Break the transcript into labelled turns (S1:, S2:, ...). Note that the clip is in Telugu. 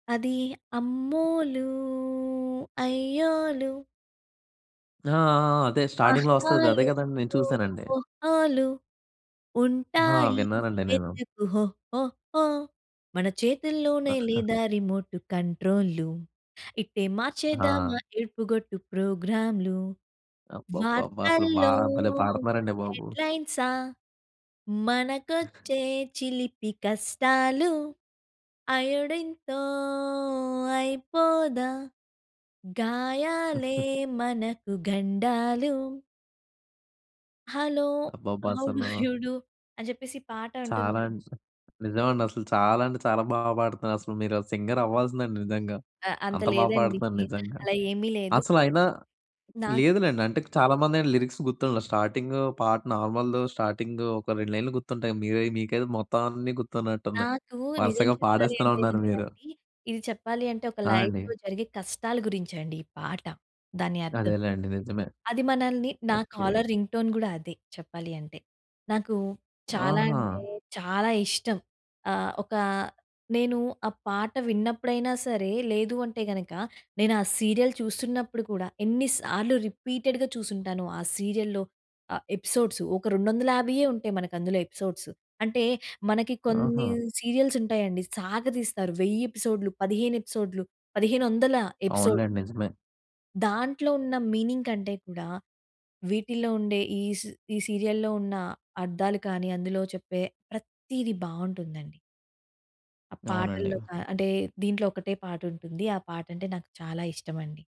S1: అది అమ్మోలూ అయ్యోలు.
S2: ఆ! ఆ! అదే స్టార్టింగ్‌లో వస్తది
S1: ఆహాలు
S2: అదే కదండీ నేను చూసానండి.
S1: ఓహోలు
S2: హా!
S1: ఉంటాయి
S2: విన్నానండి నేను.
S1: వెతుకు హోహోహో. మన చేతుల్లోనే లేదా రిమోటు కంట్రో‌లూ. ఇట్టే మార్చేద్దామా
S2: హా!
S1: ఏడుపుగొట్టు ప్రోగ్రామ్‌లు.
S2: అబ్బబ్బబ్బా! అసలు బా
S1: వార్తల్లో
S2: భలే పాడుతున్నారండి బాబు.
S1: హెడ్‌లైన్సా మనకొచ్చే చిలిపి కష్టాలు. అయోడీన్‌తో అయిపోదా గాయాలే మనకు గండాలు. హలో!
S2: అబ్బబ్బా!
S1: హౌ డూ యూ
S2: అసలు
S1: డూ! అని చెప్పేసి ఈ పాట అంటుంది.
S2: చాలా నిజం. నిజమండి అసలు చాలా అంటే చాలా బాగా పాడుతున్నారసలు. మీరు సింగరవ్వాల్సిందండి నిజంగా.
S1: ఆ! అంత
S2: అంత బాగా
S1: లేదండి.
S2: పాడుతున్నారు నిజంగా.
S1: అలా ఏమీ లేదు.
S2: అసలయినా
S1: నాకు
S2: లేదులెండి. అంటే చాలామందేంటి లిరిక్స్ గుర్తుండవు. స్టార్టింగో పాట నార్మల్‌దో స్టార్టింగో ఒక 2 లైన్లు గుర్తుంటాయి. మీరై మీకైతే మొత్తం అన్నీ గుర్తున్నట్టున్నాయి.
S1: నాకు నిజం
S2: వరుసగా
S1: చెప్పాలి
S2: పాడేస్తూనే
S1: అంటే
S2: ఉన్నారు
S1: గనుక
S2: మీరు.
S1: అండి, ఇది చెప్పాలి అంటే ఒక
S2: ఆ! అండి.
S1: లైఫ్‌లో జరిగే కష్టాల గురించి అండి ఈ పాట, దాని అర్థం.
S2: అదేలెండి నిజమే.
S1: అది మనల్ని నా
S2: ఓకే.
S1: కాలర్ రింగ్ టోన్ కూడా అదే చెప్పాలి అంటే. నాకు చాలా
S2: ఆహా!
S1: అంటే చాలా ఇష్టం. ఆహ్, ఒక నేను ఆ పాట విన్నప్పుడైనా సరే, లేదు అంటే గనుక నేనా సీరియల్ చూస్తున్నప్పుడు కూడా ఎన్ని సార్లు రిపీటెడ్‌గా చూసుంటానో ఆ సీరియల్‌లో ఆహ్, ఎపిసోడ్సు. ఒక 250 ఉంటాయి మనకి అందులో ఎపిసోడ్సు. అంటే మనకి కొన్ని
S2: ఆహా!
S1: సీరియల్స్ ఉంటాయండి సాగ తీస్తారు, 1000 ఎపిసోడ్‌లు, 15 ఎపిసోడ్‌లు, 1500 ఎపిసోడ్.
S2: అవునులెండి నిజమే.
S1: దాంట్లో ఉన్న మీనింగ్ కంటే కూడా వీటిల్లో ఉండే ఈస్ ఈ సీరియల్‌లో ఉన్న అర్థాలు కానీ అందులో చెప్పే ప్రతీది బావుంటుందండి. ఆ పాటల్లో
S2: అవునండి.
S1: కా అంటే దీంట్లో ఒకటే పాటుంటుంది. ఆ పాట అంటే నాకు చాలా ఇష్టమండి.